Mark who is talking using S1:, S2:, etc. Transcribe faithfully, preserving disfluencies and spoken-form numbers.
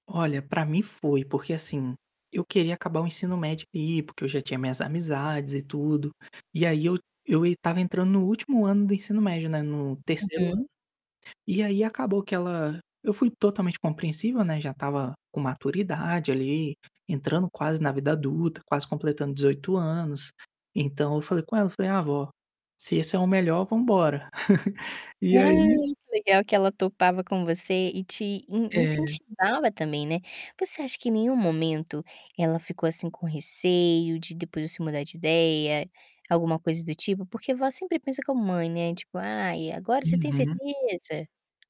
S1: Olha, para mim foi. Porque assim, eu queria acabar o ensino médio e porque eu já tinha minhas amizades e tudo. E aí eu eu estava entrando no último ano do ensino médio, né, no terceiro ano.
S2: Uhum.
S1: E aí acabou que ela eu fui totalmente compreensível, né, já estava com maturidade ali, entrando quase na vida adulta, quase completando dezoito anos. Então eu falei com ela, eu falei: "Ah, vó, se esse é o melhor vamos embora".
S2: Ah,
S1: E aí
S2: que legal que ela topava com você e te in
S1: É.
S2: incentivava também, né. Você acha que em nenhum momento ela ficou assim com receio de depois você mudar de ideia, alguma coisa do tipo? Porque vó sempre pensa como mãe, né, tipo: "Ai, agora você tem
S1: Uhum.
S2: certeza?".